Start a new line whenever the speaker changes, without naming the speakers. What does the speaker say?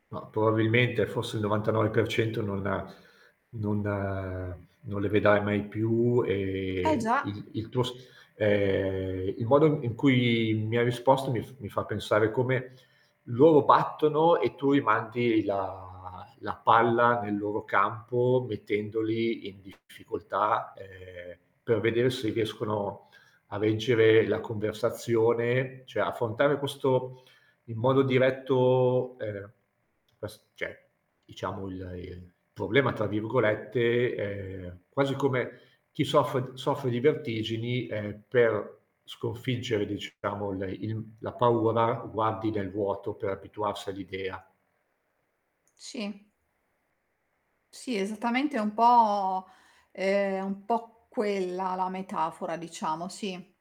Ma, probabilmente forse il 99% non non non le vedrai mai più
Eh,
e
già.
il il tuo s ehm, il modo in cui mi hai risposto mi f mi fa pensare come loro battono e tu rimandi la la palla nel loro campo, mettendoli in difficoltà, ehm, per vedere se riescono a reggere la conversazione, cioè, affrontare questo in modo diretto, ehm quest cioè diciamo il "il problema", tra virgolette, ehm, quasi come chi soffre soffre di vertigini, ehm, per sconfiggere, diciamo, il il la paura, guardi nel vuoto per abituarsi all'idea.
Sì. Sì, esattamente è un po', ehm, un po' quella la metafora diciamo, sì.